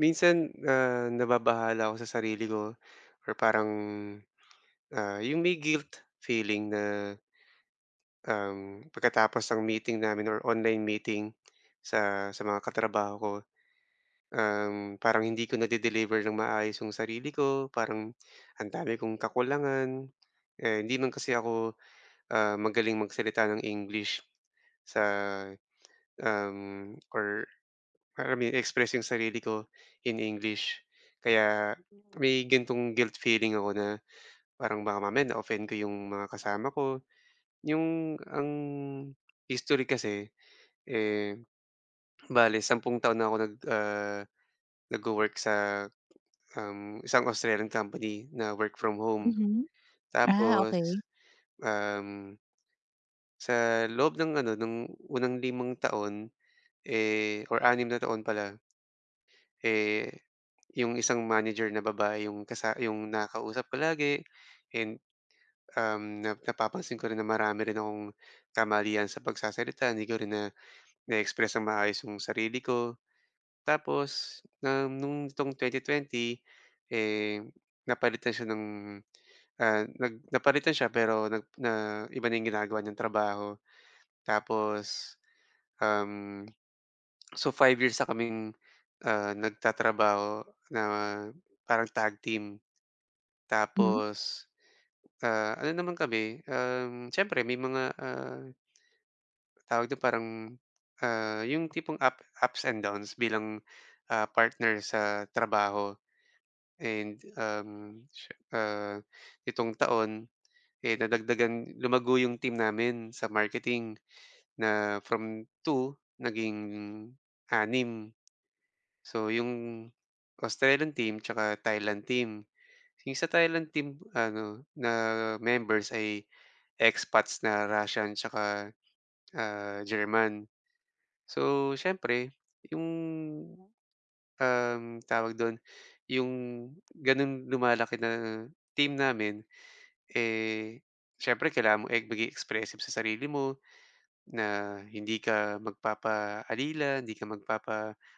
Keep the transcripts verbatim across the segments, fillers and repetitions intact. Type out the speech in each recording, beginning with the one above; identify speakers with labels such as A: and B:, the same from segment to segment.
A: Minsan, ah, nababahala ako sa sarili ko or parang, ah, yung may guilt feeling na um, pagkatapos ng meeting namin or online meeting sa, sa mga katrabaho ko. Um, parang hindi ko nade-deliver ng maayos 'yong sarili ko, parang ang dami kong kakulangan. Eh, hindi man kasi ako, ah, magaling magsalita ng english sa, um, or alam mo 'yun i-express 'yong sarili ko in english. Kaya may gan'tong guilt feeling ako na parang baka mamaya na-offend ko 'yong mga kasama ko, 'yong ang history kasi, eh, bale sampung taon na ako nag, ah, nagwo-work sa, um, isang Australian company na work from home.
B: Mhm. Ah,
A: Tapos,
B: okey.
A: um sa loob ng ano ng unang limang taon, eh or anim na taon pala. Eh, 'yong isang manager na babae 'yong kasa 'yong nakausap ko lagi. And, um, na napapansin ko rin na marami rin akong kamalian sa pagsasalita, hindi ko rin na na-express ng maayos 'yong sarili ko. Tapos, um, no'ng nitong twenty-twenty eh, napalitan siya ng, ah, nag napalitan siya pero nag na iba na yung ginagawa niyang trabaho. Tapos, um, so five years na kaming, ah, nagtatrabaho na parang tag team.
B: Mm.
A: Tapos, ah, ano naman kami, um, siyempre may mga ah tawag do'n parang, ah, yung tipong up ups and downs bilang, ah, partner sa trabaho. And, um, siye ah, itong taon, eh, nadagdagan lumago yung team namin sa marketing na from two naging anim. So 'yung Australian team 'tsaka Thailand team. Yung sa Thailand team ano na members ay expats na Russian 'tsaka, ah, German. So, siyempre 'yong, um, tawag do'n, yung ganong lumalaki na team namin, eh, siyempre kailangan mo, eh maging expressive sa sarili mo na hindi ka magpapaalila, hindi ka magpapatalo.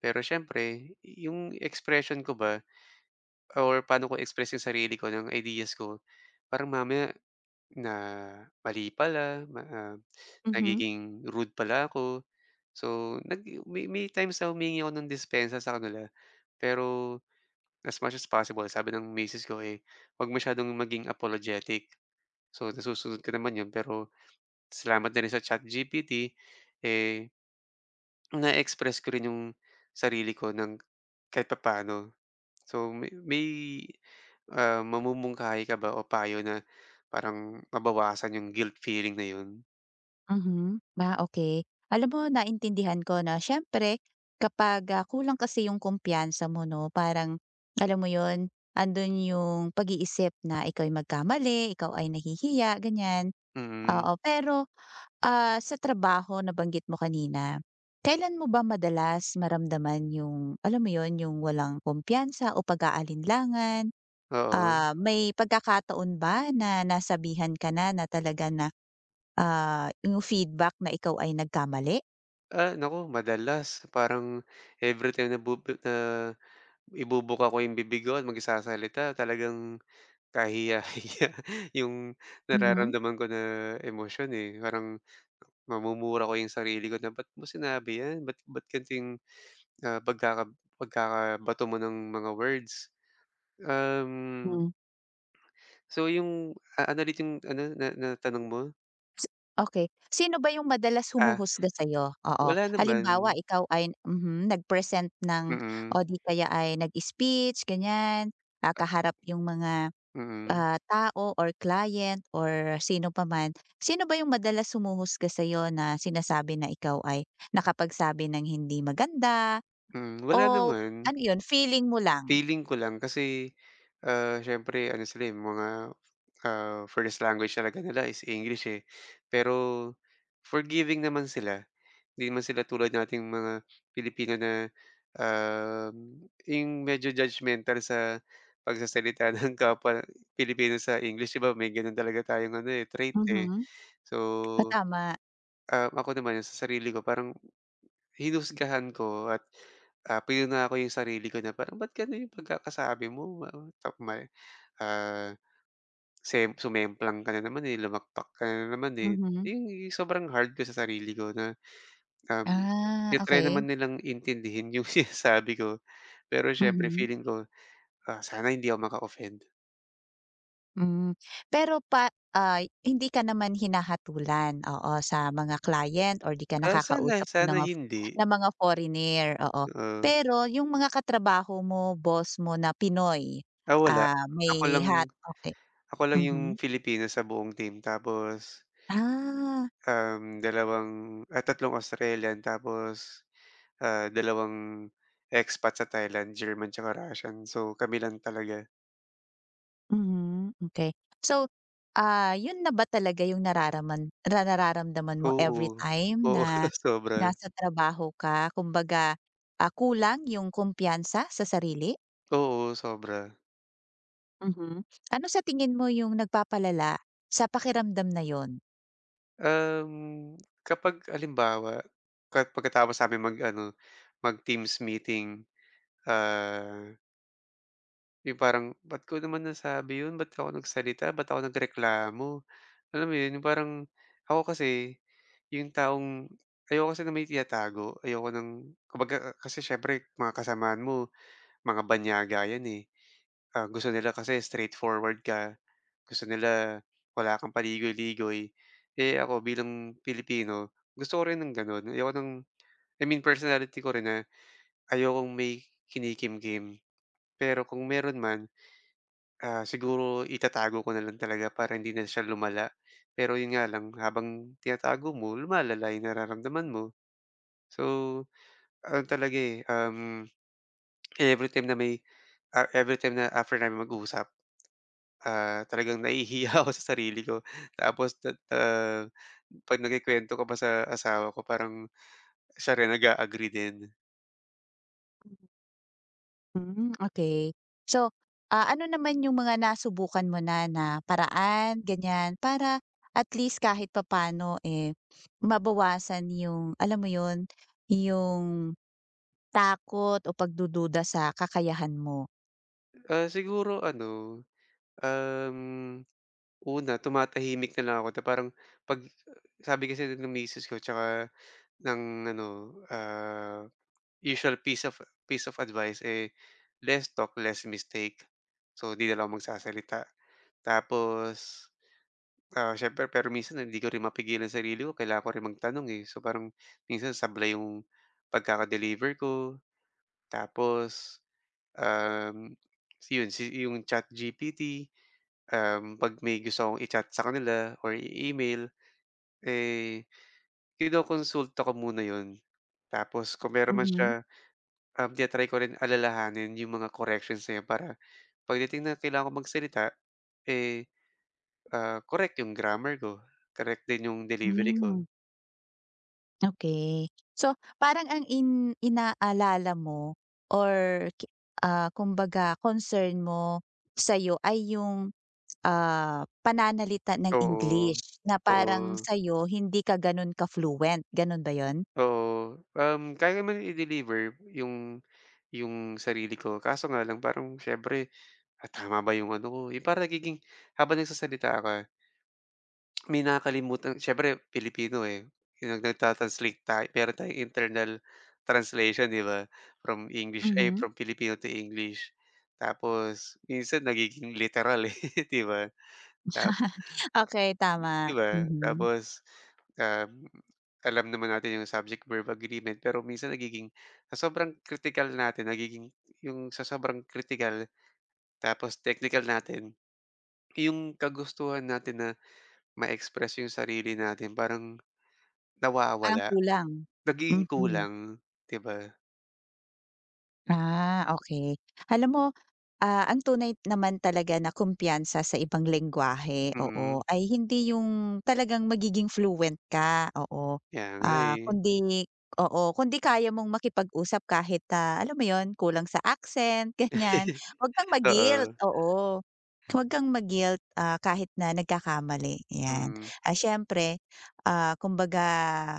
A: Pero siyempre i yung expression ko ba or paano ko express 'yong sarili ko ng ideas ko parang mamaya na mali pala, na
B: Mhm.
A: nagiging rude pala ako. So, nag may may times na humingi ako ng dispensa sa kanila pero, as much as possible sabi ng misis ko, eh, "Huwag masyadong maging apologetic." So nasusunod ka naman 'yon pero, salamat na rin sa ChatGPT, eh, na express ko rin yung sarili ko ng kahit papaano. So may may, ah, mamumungkahi ka ba o payo na parang mabawasan yung guilt feeling na 'yun?
B: Mhm, ah, okey. Alam mo naintindihan ko. Na siyempre kapag, ah, kulang kasi 'yung kumpiyansa mo 'no, parang alam mo 'yun andun 'yung pag-iisip na ikaw ay magkamali, ikaw ay nahihiya ganiyan,
A: Mm.
B: oo. Pero, ah, sa trabaho nabanggit mo kanina, kailan mo ba madalas maramdaman 'yung, alam mo 'yun, 'yung walang kumpiyansa o pag-aalinlangan,
A: Oo.
B: ah, may pagkakataon ba na nasabihan ka na na talaga na, ah, 'yung feedback na ikaw ay nagkamali?
A: Ah, naku madalas, parang every time na bubu ah, ibubuka ko 'yong bibig ko at magsasalita talagang kahiya-hiya 'yong
B: Mhm.
A: nararamdaman ko na emosyon, eh, parang mamumura ko 'yong sarili ko na "ba't mo sinabi 'yan, ba't ba't gan'to 'yung, ah, pagkaka pagkakabato mo ng mga words," um
B: Hmm.
A: So 'yung a ano ulit 'yung ano, na na tanong mo?
B: Si okey, sino ba 'yung madalas
A: Ah.
B: humuhusga sa'yo? Oo.
A: Wala
B: Halimbawa
A: naman.
B: ikaw ay, mhm, nag-present ng o
A: Mm.
B: di kaya ay nag-speech ganiyan, ah,
A: Ah.
B: kaharap 'yung mga,
A: Mm.
B: ah, tao or client or sino pa man, sino ba 'yung madalas humuhusga sa'yo na sinasabi na ikaw ay nakapagsabi ng hindi maganda,
A: Hmm, wala
B: o,
A: naman.
B: ano 'yun feeling mo lang?
A: Feeling ko lang, kasi, ah, siyempre ano sila, eh, mga, ah, first language talaga nila is English, eh. Pero forgiving naman sila, 'di naman sila tulad nating mga Pilipino na, um, 'yong medyo judgemental sa pagsasalita ng kapwa na Pilipino sa English, 'di ba may gano'n talaga tayong ano, eh, trait eh.
B: Mhm,
A: So,
B: ah, tama.
A: ah, ako naman, sa sarili ko parang hinusgahan ko at, ah, pinuna ko 'yung sarili ko na parang, "Ba't gano'n 'yung pagkakasabi mo,, [unintelligible] ah, sem sumemplang ka na naman, eh, lumagpak ka na naman, eh."
B: Mhm.
A: 'Yung yu sobrang hard ko sa sarili ko na, um,
B: Ah,
A: i-try
B: okey.
A: naman nilang intindihin 'yung sinasabi ko. Pero siyempre
B: Mhm.
A: feeling ko, ah, sana hindi ako maka-offend.
B: Hmm, pero pa ay, hindi ka naman hinahatulan, oo, sa mga client or di kaya
A: Ah, sana,
B: nakakausap mo na
A: sana
B: ng of
A: hindi.
B: ng mga foreigner, oo.
A: Oo.
B: Pero yung mga katrabaho mo, boss mo na Pinoy,
A: Ah, wala.
B: ah,
A: Ako
B: may
A: lang
B: hat okey,
A: ako lang yung
B: mhm.
A: Filipino sa buong team tapos,
B: Ah.
A: um, dalawang, ah, tatlong Australian, tapos, ah, dalawang expats sa Thailand, German tsaka Russian, so kami lang talaga.
B: Mhm, okey. So, ah, yun na ba talaga yung nararaman ra nararamdaman mo,
A: Oo.
B: everytime
A: Oo,
B: na
A: sobra.
B: nasa trabaho ka. Kumbaga, ah, kulang yung kumpiyansa sa sarili?
A: Oo, sobra.
B: Mhm, ano sa tingin mo yung nagpapalala, sa pakiramdam na yon?
A: Um, kapag halimbawa ka pagkatapos namin mag-ano, mag-Teams meeting, ah yung parang, "Ba't ko naman nasabi 'yon, ba't ako nagsalita, ba't ako nagreklamo?" Alam mo 'yon? Yung parang, ako kasi yung taong ayaw ko kasi nang may tinatago, ayoko ng kumbaga, ah, kasi siyempre mga kasamahan mo, mga banyaga 'yan, eh. Ah, gusto nila kasi straightforward ka, gusto nila wala kang paligoy-ligoy, eh, ako, bilang Pilipino gusto ko rin ng gano'n. Ayoko ng, I mean personality ko rin na ayokong may kinikimkim. Pero kung meron man, ah, siguro itatago ko na lang talaga para hindi na siya lumala. Pero yun nga lang, habang tinatago mo, lumalala yung nararamdaman mo. So, ano talaga, eh, um, everytime na may, ah, everytime na after namin mag-usap, ah, talagang nahihiya ako sa sarili ko. Tapos, tat ah, 'pag nakukwento ko pa sa asawa ko, parang siya rin nag-a-agree din.
B: Hmm, okey. So, ah, ano naman 'yung mga nasubukan mo na na paraan ganiyan para at least kahit papaano, eh, mabawasan 'yung, alam mo 'yun, 'yung, takot o pagdududa sa kakayahan mo?
A: Ah, siguro ano, um, una, tumatahimik na lang ako na parang 'pag sabi kasi ng misis ko tsaka ng ano, ah, usual piece of piece of advice eh, less talk less mistake, so 'di na lang ako magsasalita. Tapos, ah, siyempre pero minsan hindi ko rin mapigilan ang sarili ko, kailangan ko rin magtanong, eh, so parang minsan sablay 'yong pagkaka-deliver ko. Tapos, um, si 'yon si 'yong ChatGPT, um, 'pag may gusto akong i-chat sa kanila or i email, eh, kinokonsulta ko muna 'yon, tapos kung meron man
B: Mhm.
A: siya um, tina-try ko rin alalahanin 'yong mga corrections na 'yun para pagdating na kailangan kong magsalita, eh, ah, korek 'yung grammar ko, korek din 'yung delivery ko.
B: Hmm. Okey. So, parang ang in inaalala mo or, ki ah, kumbaga concern mo sa'yo ay yung, ah, pananalita ng
A: Oo.
B: English. Na parang
A: Oo.
B: sa'yo, hindi ka ganun ka-fluent, ganun ba yon?
A: Oo, um, kaya naman i-deliver yung, yung sarili ko, kaso nga lang parang siyempre, "Ah, tama ba 'yong ano ko" yung parang nagiging habang nagsasalita ka may nakakalimutan siyempre Pilipino, eh, yung nag nag-ta-translate tay meron tayong internal translation 'di ba? From english, ay,
B: Mhm.
A: from Pilipino to English tapos minsan nagiging literal, eh, 'di ba? Tap
B: Okey,
A: di di
B: tama,
A: ba?
B: mhm.
A: Tapos, um, alam naman natin 'yong subject-verb agreement, pero minsan nagiging sa sobrang kritikal natin nagiging 'yong sa sobrang kritikal tapos teknikal natin, yung kagustuhan natin na, ma-express yung sarili natin parang,
B: Parang
A: nawawala,
B: kulang.
A: nagiging
B: Mhm.
A: kulang 'di ba?
B: Ah, okey. Alam mo, ah, ang tunay naman talaga na kumpiyansa sa ibang lengguwahe, oo,
A: Mm.
B: ay hindi 'yung talagang magiging fluent ka oo,
A: Kaya nga,
B: ah,
A: eh.
B: kundi, oo, kundi kaya mong makipag-usap kahit na alam mo 'yun, kulang sa accent ganiyan, huwag kang ma-guilt,
A: Oo.
B: oo. Oh, huwag kang ma-guilt, ah, kahit na nagkakamali 'yan.
A: Mm.
B: Ah, siyempre, ah, kumbaga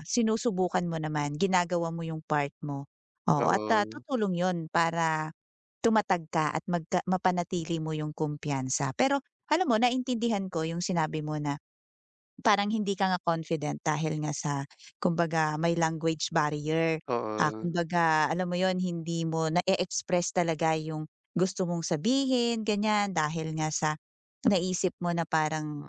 B: sinusubukan mo naman, ginagawa mo 'yung part mo, oo, at
A: Oo.
B: tutulong 'yun para tumatag ka at magka mapanatili mo 'yung kumpiyansa. Pero alam mo naintindihan ko 'yung sinabi mo na, parang hindi ka nga confident dahil nga sa kumbaga may language barrier, ah,
A: Oo.
B: kumbaga alam mo 'yun, hindi mo na-e-express talaga 'yung gusto mong sabihin ganiyan, dahil nga sa naisip mo na parang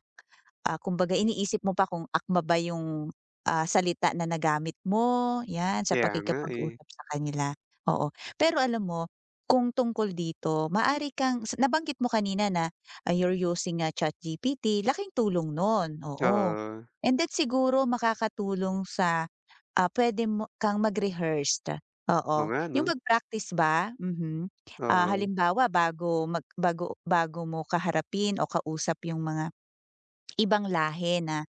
B: ah, kumbaga iniisip mo pa kung akma ba 'yung, ah, salita na nagamit mo 'yan, sa
A: Kaya nga eh.
B: pakikipag-usap sa kanila, oo. Pero alam mo, kung tungkol dito, maaari kang nabanggit mo kanina na, ah, you're using a ChatGPT, laking tulong nun, oo.
A: Oo.
B: And then, siguro makakatulong sa, ah, puwede mo kang mag-rehearsed,
A: Oo
B: oo.
A: nga
B: 'Yung
A: 'no.
B: mag-praktis ba, mhm, ah,
A: Oo.
B: halimbawa bago mag bago bago mo kaharapin o kausap 'yung mga, ibang lahi na,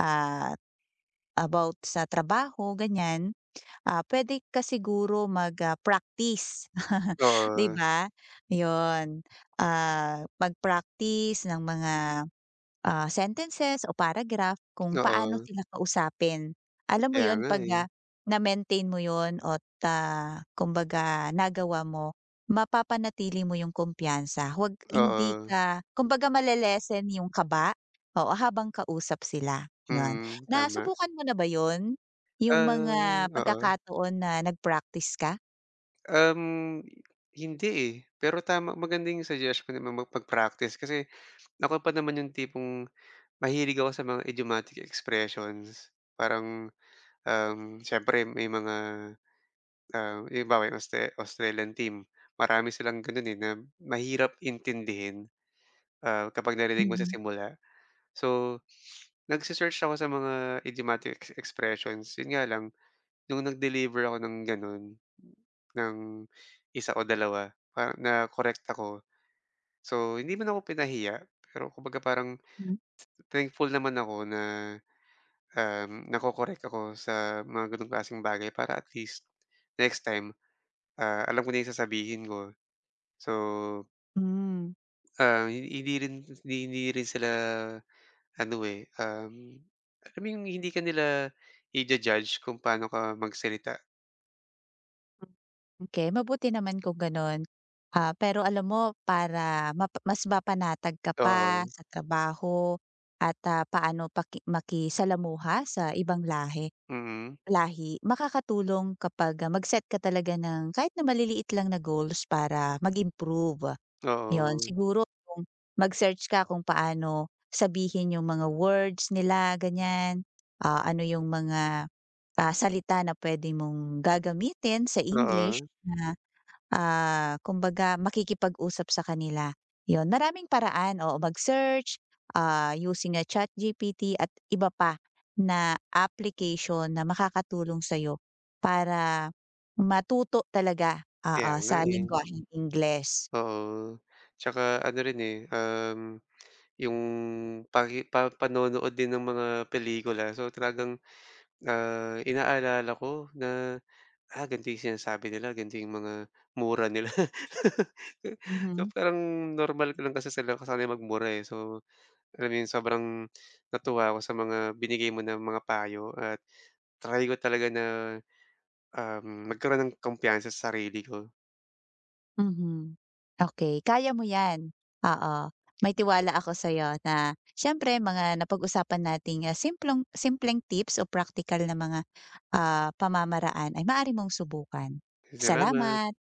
B: ah, about sa trabaho ganiyan, ah, puwede ka siguro mag-praktis, 'di
A: Oo.
B: ba, 'yun. Ah, magpraktis ng mga, ah, sentences o paragraph kung paano
A: Oo.
B: sila kausapin. Alam mo
A: Kaya
B: 'yun,
A: nga,
B: 'pag,
A: eh.
B: ah, na-maintain mo 'yun at, ah, kumbaga nagawa mo, mapapanatili mo 'yung kumpiyansa, huwag hindi
A: Oo.
B: ka kumbaga ma-le-lessen 'yung kaba o habang kausap sila 'yun,
A: Mm, tama.
B: nasubukan mo na ba 'yun, 'yung
A: Ah,
B: mga
A: oo.
B: pagkakataon na nagpraktis ka?
A: Um, hindi, eh, pero tama maganda yung suggestion mo ma mag-praktis kasi, ako pa naman yung tipong mahilig ako sa mga idiomatic expressions, parang, um, siyempre may mga, ah, halimbawa Austra Australian team marami silang gano'n, eh, na mahirap intindihin. Ah, kapag narinig mo sa
B: Mhm.
A: simula so nagse-search ako sa mga idiomatic ex expressions 'yon nga lang, no'ng nag-deliver ako ng gano'n ng isa o dalawa parang nakorek ako. So hindi man ako pinahiya pero kumbaga parang
B: Hmm.
A: thankful naman ako na, um, nako-korek ako sa mga ganong klaseng bagay para at least, next time, ah, alam ko na 'yong sasabihin ko, so
B: Hmm.
A: ah, hi hindi rin hindi rin sila ano, eh, um, alam mo yung hindi ka nila i-ja-judge kung pa'no ka magsalita.
B: Okey, mabuti naman kung gano'n. Ah, pero alam mo para mapa mas mapanatag ka pa
A: Oo.
B: sa trabaho at, ah, paano paki makisalamuha sa ibang lahe
A: Mm.
B: lahi, makakatulong kapag, ah, mag-set ka talaga ng kahit na maliliit lang na goals para mag-improve. 'Yun,
A: Oo.
B: siguro kung mag-search ka kung paano sabihin yung mga words nila ganyan. Ah, ano yung mga, ah, salita na puwede mong gagamitin sa English
A: Oo.
B: na, ah, kumbaga makikipag-usap sa kanila, 'yun. Maraming paraan, oo mag-search, ah, using a ChatGPT at iba pa na application na makakatulong sa'yo, para matuto talaga oo
A: Kaya nga,
B: sa
A: eh.
B: lenggwaheng Ingles.
A: Oo, 'tsaka ano rin, eh, um, yung paki pa panonood din ng mga pelikula so talagang, ah, inaalala ko na, ah, gan'to yung sinasabi nila, gan'to yung mga mura nila. So
B: Mhm.
A: parang normal ko lang kasi sila sa kanila magmura, eh, so alam mo yung sobrang natuwa ako sa mga binigay mo na mga payo at try ko talaga na, um, magkaroon ng kumpiyansa sa sarili ko.
B: Mhm, okey kaya mo 'yan, oo may tiwala ako sa'yo na siyempre mga napag-usapan nating simplong simpleng tips o praktikal na mga, ah, pamamaraan ay maaari mong subukan,
A: Salamat.
B: salamat.